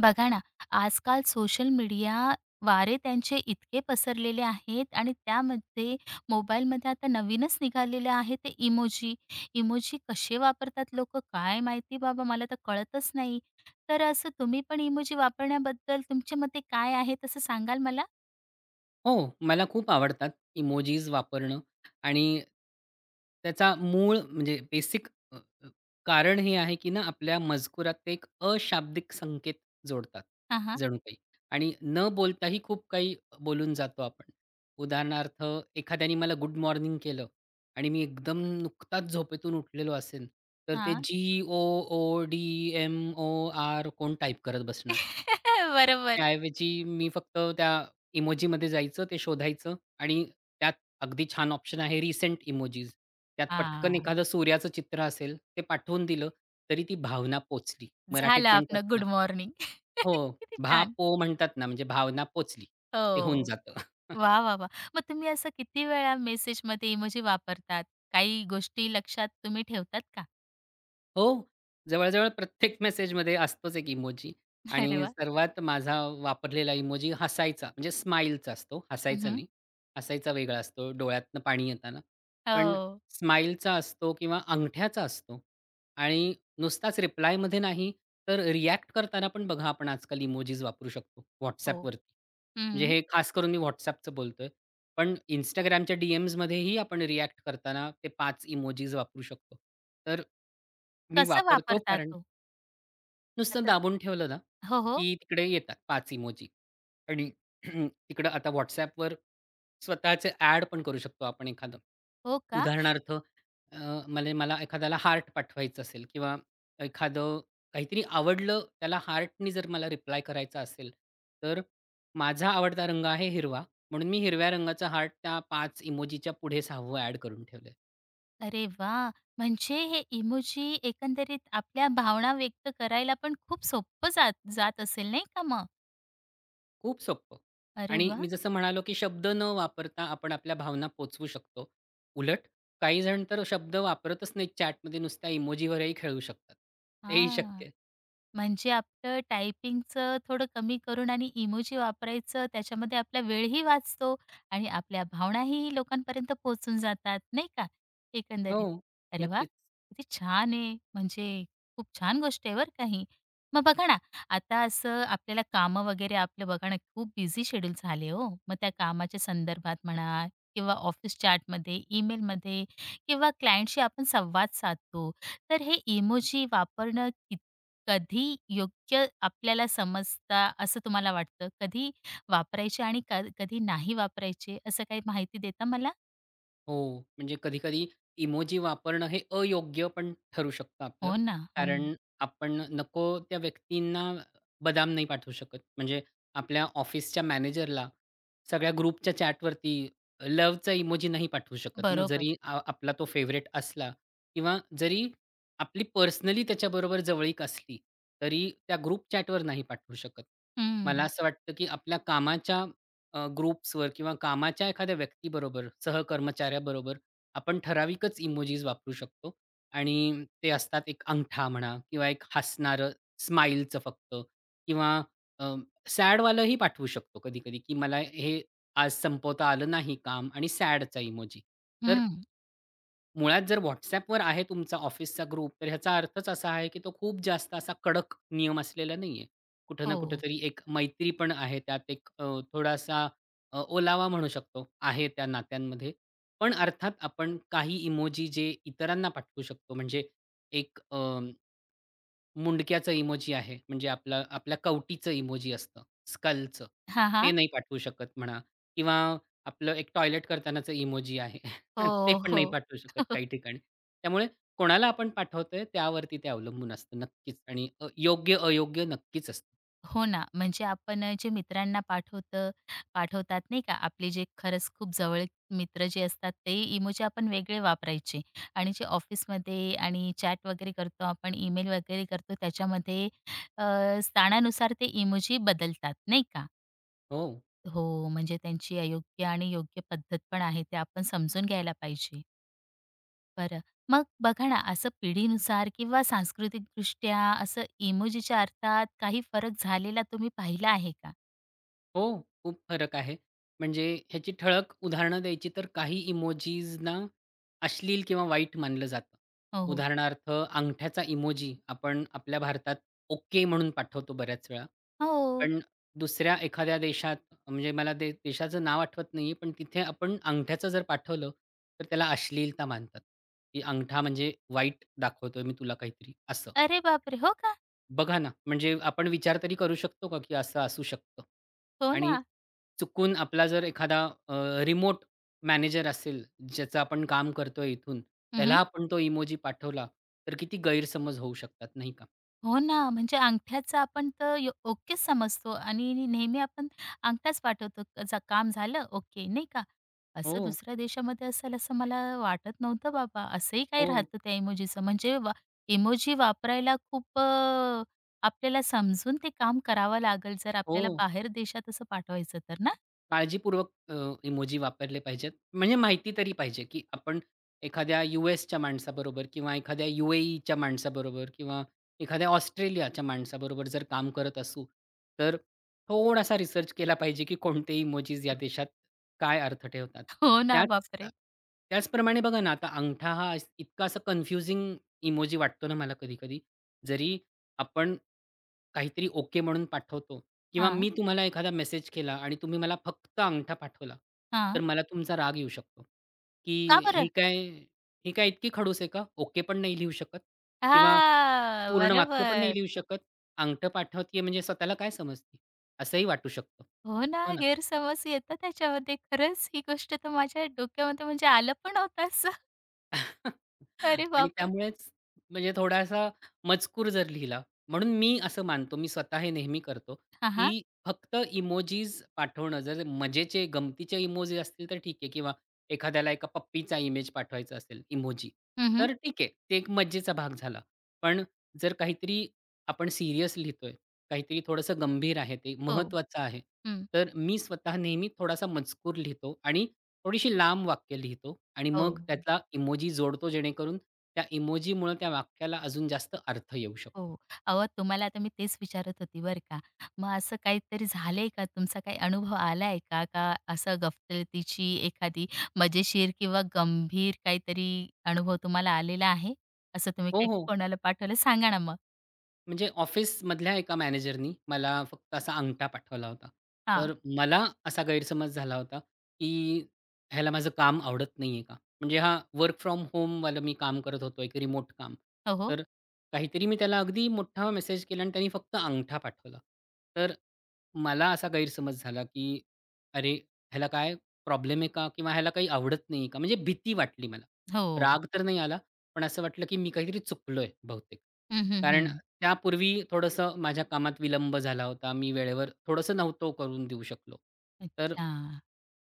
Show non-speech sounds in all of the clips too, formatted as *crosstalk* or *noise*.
बघा ना, आजकाल सोशल मीडिया वारे त्यांचे इतके पसरलेले आहेत आणि त्यामध्ये मोबाईलमध्ये आता नवीनच निघालेले आहे ते इमोजी. इमोजी कसे वापरतात लोकं काय माहिती बाबा? मला तर कळतच नाही. तर असं तुम्ही पण इमोजी वापरण्याबद्दल तुमच्या मते काय आहे तसं सांगाल मला? हो. मला खूप आवडतात इमोजीज वापरणं आणि त्याचा मूळ म्हणजे बेसिक अ, अ, कारण हे आहे, की ना आपल्या मजकुरात ते एक अशाब्दिक संकेत जोडतात हां, हां. जणू काही आणि न बोलताही खूप काही अ, बोलून जातो आपण. उदाहरणार्थ, एखाद्याने मला गुड मॉर्निंग केलं आणि मी एकदम नुकताच झोपेतून उठलेलो असेल, तर ते हां. G, O, O, D, M, O, R, कोण टाइप करत बसणार? *laughs* बरोबर. त्या ऐवजी मी फक्त त्या इमोजीमध्ये जायचं, ते शोधायचं, आणि त्यात अगदी छान ऑप्शन आहे रिसेंट इमोजीज. त्यात पटकन हां. एखादं सूर्याचं चित्र असेल ते पाठवून दिलं तरी ती भावना पोहचली. मराठीत झालं म्हणतात आपलं ना गुड मॉर्निंग. हो, *laughs* किती छान! भा.पो म्हणतात ना. म्हणजे भावना पोचली. ते होऊन हो. जातं. *chuckles* वाह! वाह! वाह! मग तुम्ही असं किती वेळा मेसेजमध्ये इमोजी वापरतात? काही गोष्टी लक्षात तुम्ही ठेवतात का? हो. जवळ-जवळ प्रत्येक मेसेजमध्ये असतोच एक इमोजी. अरे आणि वाह! सर्वात माझा वापरलेला इमोजी हसायचा, म्हणजे स्माईलचा असतो. हं, हसायचा हं. नाही, हसायचा वेगळा असतो, डोळ्यातनं पाणी येताना. पण हो. स्माईलचा असतो किंवा अंगठ्याचा असतो आणि नुसताच रिप्लायमध्ये नाही, तर रिएक्ट करताना पण बघा, आपण आजकाल इमोजीज वापरू शकतो हो, WhatsAppवरती. म्हणजे हं. हे खास करून मी WhatsAppच बोलतोय. पण Instagramच्या डी-एम्स मध्येही आपण रिएक्ट करताना ते 5 इमोजीज वापरू शकतो. तर मी कसं वापरतो वापरतात कारण ओ? नुसतं आता दाबून ठेवलं ना, हो, हो. की तिकडे येतात 5 इमोजी आणि *clears throat* तिकडं आता WhatsAppवर स्वतःचे ॲड पण करू शकतो आपण. एखादं. हो का? उदाहरणार्थ, अं, म्हणजे मला एखाद्याला हार्ट पाठवायचा असेल किंवा एखादं काहीतरी आवडलं, त्याला हार्टनी जर मला रिप्लाय करायचं असेल, तर माझा आवडता रंग आहे हिरवा, म्हणून मी हिरव्या रंगाचा हार्ट त्या 5 इमोजीच्या पुढे 6व ॲड करून ठेवलंय. अरे वाह! म्हणजे हे इमोजी एकंदरीत आपल्या भावना व्यक्त करायला पण खूप सोप्पं जात जात असेल नाही का मग? खूप सोप्पं अरे आणि वाह! मी जसं म्हणालो, की शब्द न वापरता आपण आपल्या भावना पोहचवू शकतो. उलट, काहीजण तर शब्द वापरतच नाहीत चॅटमध्ये, नुसत्या इमोजीवरही खेळू शकतात. ते ही हां, शक्य आहे. म्हणजे आपलं टाइपिंगचं थोडं कमी करून आणि इमोजी वापरायचं. त्याच्यामध्ये आपला वेळही वाचतो आणि आपल्या भावनाही लोकांपर्यंत पोहचून जातात नाही का, हो. एकंदरीत.अरे वाह! नक्कीच. किती छान आहे, म्हणजे खूप छान गोष्ट आहे बरं का ही. मग बघा ना, आता असं आपल्याला कामं वगैरे आपलं बघा ना, खूप बिझी शेड्यूल झाले हो. मग त्या कामाच्या संदर्भात म्हणा किंवा ऑफिस चॅटमध्ये, ईमेलमध्ये किंवा क्लायंटशी आपण संवाद साधतो, तर हे इमोजी वापरणं कित कधी योग्य आपल्याला समजता असं तुम्हाला वाटतं? कधी वापरायचे आणि क कधी नाही वापरायचे, असं काही माहिती देता मला? हो, म्हणजे कधी-कधी इमोजी वापरणं, हे अयोग्य पण ठरू शकतं आपलं. हो ना. हं. कारण आपण नको त्या व्यक्तींना बदाम नाही पाठवू शकत. म्हणजे आपल्या ऑफिसच्या मॅनेजरला सगळ्या ग्रुपच्या चॅटवरती लव्हचा इमोजी नाही पाठवू शकत ना, बरोबर. जरी आ आपला तो फेव्हरेट असला किंवा जरी आपली पर्सनली त्याच्याबरोबर जवळीक असली, तरी त्या ग्रुप चॅटवर नाही पाठवू शकत. मला हं. असं वाटतं, की आपल्या कामाच्या अ, ग्रुप्सवर किंवा कामाच्या एखाद्या व्यक्तीबरोबर, सहकर्मचाऱ्याबरोबर आपण ठराविकच इमोजीज वापरू शकतो. आणि ते असतात एक अंगठा म्हणा किंवा एक हसणारं स्माईलचं फक्त किंवा अ, सॅडवालंही पाठवू शकतो कधी-कधी, की मला हे आज संपवता आलं नाही काम आणि सॅडचा इमोजी तर हं. मुळात जर WhatsAppवर आहे तुमचा ऑफिसचा ग्रुप, तर ह्याचा अर्थच असा आहे, की तो खूप जास्त असा कडक नियम असलेला नाही आहे. कुठे ना, हो. कुठेतरी एक मैत्री पण आहे त्यात, एक अ, थोडासा, अ, ओलावा म्हणू शकतो, आहे त्या नात्यांमध्ये. पण अर्थात, आपण काही इमोजी जे इतरांना पाठवू शकतो, म्हणजे एक अ, मुंडक्याचं इमोजी आहे, म्हणजे आपलं आपल्या कवटीचं इमोजी असतं, स्कलचं हां, ते हां. नाही पाठवू शकत म्हणा किंवा आपलं एक टॉयलेट करतानाच इमोजी आहे, *laughs* तर ते हो, पण नाही हो. पाठवू शकत *laughs* काही ठिकाणी. त्यामुळे कोणाला आपण पाठवतोय त्यावरती ते अवलंबून असतं, नक्कीच आणि अ, योग्य-अयोग्य नक्कीच असतं. हो ना, म्हणजे आपण आहे जे मित्रांना पाठवतं पाठवतात, नाही का? आपले जे खरंच खूप जवळीक मित्र जे असतात ते इमोजी आपण वेगळे वापरायचे आणि जे ऑफिसमध्ये आणि चॅट वगैरे करतो, आपण इमेल वगैरे करतो, त्याच्यामध्ये अ, स्थानानुसार ते इमोजी बदलतात, नाही का? हो. हो, म्हणजे त्यांची अयोग्य आणि योग्य पद्धत पण आहे. ते आपण समजून घ्यायला पाहिजे. बरं, मग बघा ना असं पिढीनुसार किंवा सांस्कृतिकदृष्ट्या असं इमोजीच्या अर्थात काही फरक झालेला तुम्ही पाहिला आहे का? हो, खूप फरक आहे. म्हणजे ह्याची ठळक उदाहरणं द्यायची, तर काही इमोजीजनां अश्लील किंवा वाईट मानलं जातं. हो, हो. उदाहरणार्थ अंगठ्याचा इमोजी आपण आपल्या भारतात ओके म्हणून पाठवतो, बऱ्याच वेळा. हो. पण दुसऱ्या एखाद्या देशात म्हणजे मला ते देशाचं नाव आठवत नाही आहे, पण तिथे आपण अंगठ्याचं जर पाठवलं, तर त्याला अश्लीलता मानतात, की अंगठा म्हणजे वाईट दाखवतोय मी तुला काहीतरी असं. अरे बापरे! हो का? बघा ना, म्हणजे आपण विचार तरी करू शकतो का, की असं असू शकतं हो आणि ना. चुकून आपला जर एखादा अ, रिमोट मॅनेजर असेल, ज्याचं आपण काम करतोय इथून, हं, त्याला हं. आपण तो इमोजी पाठवला तर किती गैरसमज होऊ शकतात नाही का? हो ना, म्हणजे अंगठ्याचं आपण तर यो ओकेचं समजतो आणि नी नेहमी आपण अंगठ्याच पाठवतो. काम झालं ओके, नाही का. असं हो. दुसऱ्या देशामध्ये असेल, असं मला वाटत नव्हतं बाबा. असंही काही हो. राहतं त्या इमोजीचं. म्हणजे वा इमोजी वापरायला खूप अ, आपल्याला समजून ते काम करावं लागलं जर आपल्याला हो. बाहेर देशात असं पाठवायचं तर ना? काळजीपूर्वक अ, इमोजी वापरले पाहिजेत. म्हणजे माहिती तरी पाहिजे की आपण, एखाद्या यू-एसच्या माणसाबरोबर किंवा एखाद्या यू-ए-ईच्या माणसाबरोबर किंवा एखाद्या ऑस्ट्रेलियाच्या माणसाबरोबर जर काम करत असू तर, थोडासा रिसर्च केला पाहिजे, की कोणते इमोजीस या देशात काय अर्थ ठेवतात. हो ना. त्याच अ, बापरे! त्याचप्रमाणे बघा ना आता अंगठा हा इतका असा कन्फ्युजिंग इमोजी वाटतो ना मला कधी-कधी. जरी आपण काहीतरी ओके म्हणून पाठवतो किंवा हां. मी तुम्हाला एखादा मेसेज केला आणि तुम्ही मला फक्त अंगठा पाठवला. तर हां. मला तुमचा राग येऊ शकतो, की का "ही बरं? काय ही काय इतकी खडूस आहे का? ओके पण नाही लिहू शकत किंवा हां, पूर्ण वाक्य पण नाही बरोबर. लिहू शकत. अंगठा पाठवतीये म्हणजे स्वतःला काय समजती?" असंही वाटू शकतं. हो ना, हो ना? गैरसमज येतं त्याच्यामध्ये. खरंच ही गोष्ट तर माझ्या डोक्यामध्ये म्हणजे आलं पण नव्हतं असं. *chuckles* अरे आणि बापरे! त्यामुळेच म्हणजे थोडासा मजकूर जर लिहिला म्हणून मी असं मानतो. मी स्वतः हे नेहमी करतो, हां, हां. की फक्त इमोजीज पाठवणं जर मजेचे, गमतीचे इमोजीज असतील तर ठीक आहे किंवा एखाद्याला एका पप्पीचा इमेज पाठवायचा असेल, इमोजी. हं, हं. तर ठीक आहे. ते एक मजेचा भाग झाला. पण जर काहीतरी आपण सीरियस लिहितोय. काहीतरी थोडंसं गंभीर आहे, ते हो. महत्वाचं आहे. हं. तर मी स्वतः नेहमी थोडासा मजकूर लिहितो आणि थोडीशी लांब वाक्य लिहितो आणि हो, मग हो. त्यातला इमोजी जोडतो, जेणेकरून त्या इमोजीमुळं त्या वाक्याला अजून जास्त अर्थ येऊ शकतो. हो. अहो तुम्हाला आता मी तेच विचारत होती बरं का मग असं काहीतरी झालंय का? तुमचा काय अनुभव आलाय का? का असं गफलतीची एखादी मजेशीर किंवा गंभीर काहीतरी अनुभव तुम्हाला आलेला आहे? असं तुम्ही हो, काय हो. कोणाला पाठवलं? सांगा ना मग? म्हणजे ऑफिसमधल्या एका मॅनेजरनी मला फक्त असा अंगठा पाठवला होता. हां. तर मला असा गैरसमज झाला होता, की ह्याला माझं काम आवडत नाहीये का? म्हणजे हा वर्क फ्रॉम होमवालं मी काम करत होतो. एक रिमोट काम. हो, हो. तर काहीतरी मी त्याला अगदी मोठा मेसेज केला आणि त्याने फक्त अंगठा पाठवला. तर मला असा गैरसमज झाला, की अरे! ह्याला काय प्रॉब्लेम आहे का? किंवा ह्याला काही आवडत नाहीये का? म्हणजे भीती वाटली मला. हो. राग तर नाही आला पण असं वाटलं, की मी काहीतरी चुकलोय बहुतेक. हं, हं, कारण हं. त्यापूर्वी थोडंसं माझ्या कामात विलंब झाला होता. मी वेळेवर थोडंसं नव्हतो करून देऊ शकलो. तर, अच्छा.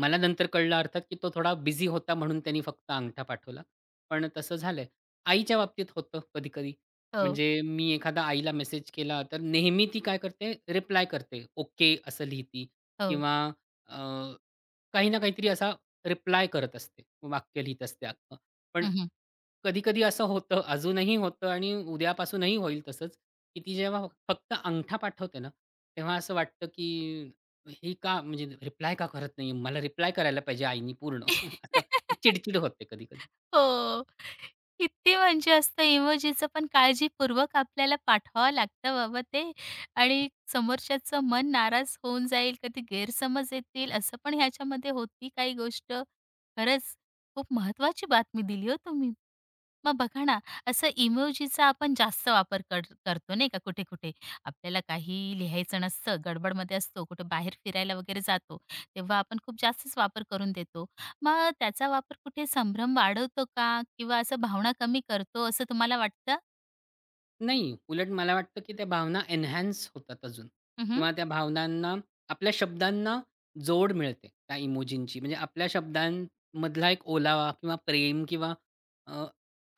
मला नंतर कळलं अर्थात, की तो थोडा बिझी होता म्हणून त्यानी फक्त अंगठा पाठवला, पण तसं झालंय. आईच्या बाबतीत होतं कधी-कधी. हो. म्हणजे मी एखादा आईला मेसेज केला तर नेहमी ती काय करते रिप्लाय करते. ओके असं लिहिते हो. किंवा अ, काही ना काहीतरी असा रिप्लाय करत असते, वाक्य लिहीत असते अख्ख. पण हं, हं. कधी-कधी असं होतं, अजूनही होतं आणि उद्यापासूनही होईल तसंच, की ती जेव्हा फक्त अंगठा पाठवते ना, तेव्हा असं वाटतं, की हे का? म्हणजे रिप्लाय का करत नाहीये? मला रिप्लाय करायला पाहिजे आईनी पूर्ण. *laughs* असं *giggles* चिडचिड होते कधी-कधी. हो. किती म्हणजे असतं इमोजीच पण काळजीपूर्वक आपल्याला पाठवावं लागतं बाबा ते आणि समोरच्याच मन नाराज होऊन जाईल कधी गैरसमज येतील असं पण ह्याच्यामध्ये होती काही गोष्ट. खरंच खूप महत्वाची बातमी दिली हो तुम्ही. मग बघा ना, असं इमोजीचा आपण जास्त वापर कर करतो नाही का कुठे-कुठे, आपल्याला काहीही लिहायचं नसतं गडबड मध्ये असतो, कुठे बाहेर फिरायला वगैरे जातो, तेव्हा आपण खूप जास्तच वापर करून देतो. मग त्याचा वापर कुठे संभ्रम वाढवतो का? किंवा असं भावना कमी करतो असं तुम्हाला वाटतं? नाही. उलट मला वाटतं, की त्या भावना एन्हान्स होतात अजून हं, हं. किंवा त्या भावनांना, आपल्या शब्दांना जोड मिळते त्या इमोजीची म्हणजे आपल्या शब्दांमधला एक ओलावा किंवा प्रेम किंवा अ,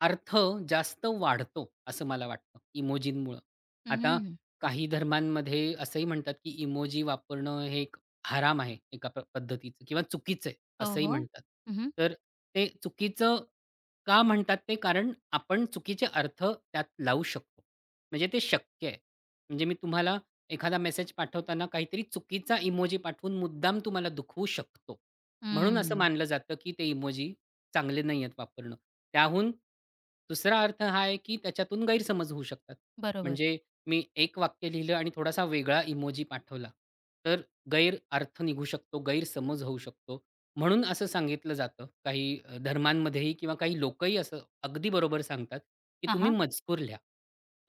अर्थ जास्त वाढतो असं मला वाटतं, इमोजींमुळं. हं, आता हं. काही धर्मांमध्ये असंही म्हणतात, की इमोजी वापरणं हे एक हराम आहे. एका पद्धतीचं किंवा चुकीचं आहे, हो, असंही हो. म्हणतात. हं, हं. तर ते चुकीचं का म्हणतात ते कारण आपण चुकीचे अर्थ त्यात लावू शकतो. म्हणजे ते शक्य आहे. म्हणजे मी तुम्हाला एखादा मेसेज पाठवताना काहीतरी चुकीचा इमोजी पाठवून मुद्दाम तुम्हाला दुखवू शकतो. म्हणून असं हं. मानलं जातं, की ते इमोजी चांगले नाहीयेत वापरणं. त्याहून दुसरा अर्थ हा आहे, की त्याच्यातून गैरसमज होऊ शकतात. बरोबर. म्हणजे मी एक वाक्य लिहिलं आणि थोडासा वेगळा इमोजी पाठवला तर गैर अर्थ निघू शकतो, गैरसमज होऊ शकतो म्हणून असं सांगितलं जातं. काही धर्मांमध्येही किंवा काही लोकंही असं अगदी बरोबर सांगतात, की हां, तुम्ही हां. मजकूर लिहा.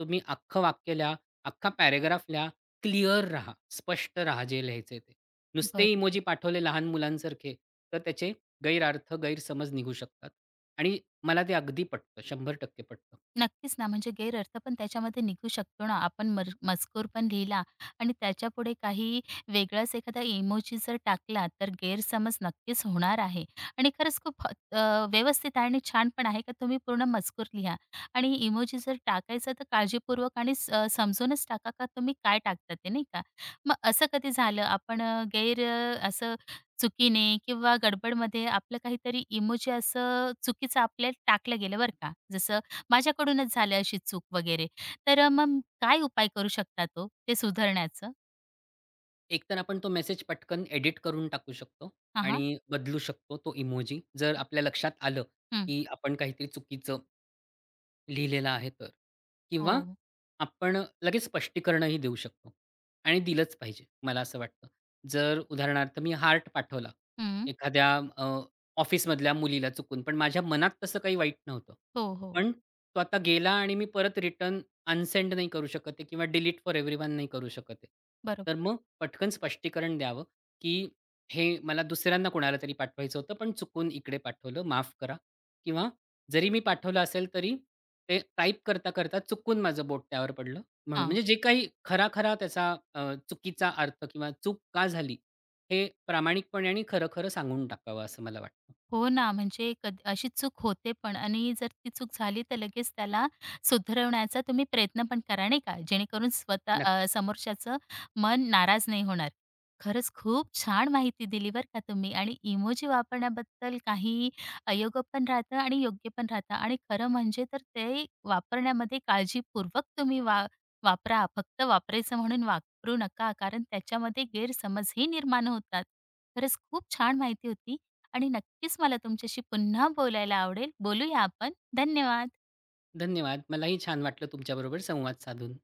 तुम्ही अख्खं वाक्य लिहा. अख्खा पॅराग्राफ लिहा. क्लिअर राहा. स्पष्ट राहा, जे लिहायचंय ते. नुसते बरोबर. इमोजी पाठवले लहान मुलांसारखे, तर त्याचे गैरअर्थ, गैरसमज निघू शकतात आणि मला ते अगदी पटतं, 100% पटतं. नक्कीच ना, म्हणजे गैरअर्थ पण त्याच्यामध्ये निघू शकतो ना. आपण मर मजकूर पण लिहिला आणि त्याच्यापुढे काही वेगळाच एखादा इमोजी जर टाकला तर गैरसमज नक्कीच होणार आहे आणि खरंच खूप अ, व्यवस्थित आहे आणि छान पण आहे का तुम्ही पूर्ण मजकूर लिहा आणि इमोजी जर टाकायचं तर काळजीपूर्वक आणि स समजूनच टाका, का तुम्ही काय टाकता ते नाही का. मग असं कधी झालं आपण अ, गैर असं चुकीने किंवा गडबडमध्ये आपलं काहीतरी इमोजी असं चुकीचं आपल्याला टाकल्या गेलं बरं का. जसं माझ्याकडूनच झालं अशी चूक वगैरे तर अ, मम काय उपाय करू शकता हो, ते सुधारण्याचं? एकतर आपण तो मेसेज पटकन एडिट करून टाकू शकतो हां, हां. आणि बदलू शकतो तो इमोजी, जर आपल्या लक्षात आलं, हं. की आपण काहीतरी चुकीचं लिहिलेला आहे तर, किंवा हो. आपण लगेच स्पष्टीकरणही देऊ शकतो आणि दिलंच पाहिजे. मला असं वाटतं. जर उदाहरणार्थ मी हार्ट पाठवला, हं. एखाद्या अ, ऑफिसमधल्या मुलीला चुकून पण माझ्या मनात तसं काही वाईट नव्हतं. हो, हो. पण तो आता गेला आणि मी परत रिटर्न अनसेंड नाही करू शकत आहे किंवा डिलीट फोर एव्हरीवन पण नाही करू शकत आहे. बरोब तर मग पटकन स्पष्टीकरण द्यावं, की "हे मला दुसऱ्यांना कोणालातरी पाठवायचं होतं, पण चुकून इकडे पाठवलं, माफ करा किंवा जरी मी पाठवलं असेल तरी ते टाइप करता-करता चुकून माझं बोट त्यावर पडलं म्हणून." हां. म्हणजे जे काही खरा-खरा त्याचा अ, चुकीचा अर्थ किंवा चूक का झाली? हे प्रामाणिकपणे आणि खरं-खरं सांगून टाकावं असं मला वाटतं. हो ना, म्हणजे कधी अशी चूक होते पण आणि जर ती चूक झाली तर लगेच त्याला सुधरवण्याचा तुम्ही प्रयत्न पण करा. नाही का? जेणेकरून स्वतः नक्क अ, समोरच्याचं मन नाराज नाही होणार. खरंच खूप छान माहिती दिली बरं का तुम्ही आणि इमोजी वापरण्याबद्दल काही अयोग्य पण राहतात आणि योग्य पण राहत आणि खरं म्हणजे तर ते वापरण्यामध्ये काळजीपूर्वक तुम्ही वा वापरा. फक्त वापरायचं म्हणून वापरू नका कारण त्याच्यामध्ये गैरसमजही निर्माण होतात. खरंच खूप छान माहिती होती आणि नक्कीच मला तुमच्याशी पुन्हा बोलायला आवडेल, बोलूया आपण धन्यवाद. धन्यवाद. मलाही छान वाटलं तुमच्याबरोबर संवाद साधून.